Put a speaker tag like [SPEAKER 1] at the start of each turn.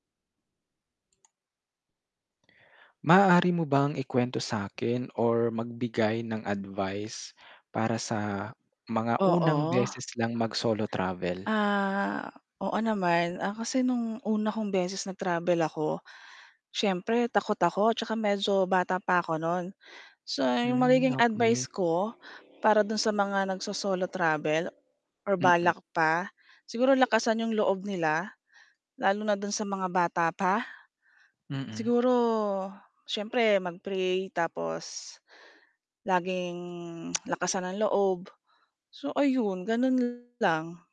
[SPEAKER 1] Maaari mo bang i-kwento sa’kin, or magbigay ng advice para sa mga unang
[SPEAKER 2] Oo.
[SPEAKER 1] beses lang mag-solo travel?
[SPEAKER 2] Ah, oo naman. Ah, kasi noong una kong beses nag-travel ako, siyempre takot ako tsaka medyo bata pa ako noon. So, iyong
[SPEAKER 1] Hmm,
[SPEAKER 2] magiging
[SPEAKER 1] okay.
[SPEAKER 2] advice ko para doon sa mga nagso-solo travel, or
[SPEAKER 1] Mm.
[SPEAKER 2] balak pa, siguro lakasan 'yong loob nila lalo na doon sa mga bata pa.
[SPEAKER 1] Mhm.
[SPEAKER 2] Siguro, siyempre mag-pray tapos, laging lakasan ng loob. So ayun, ganun lang.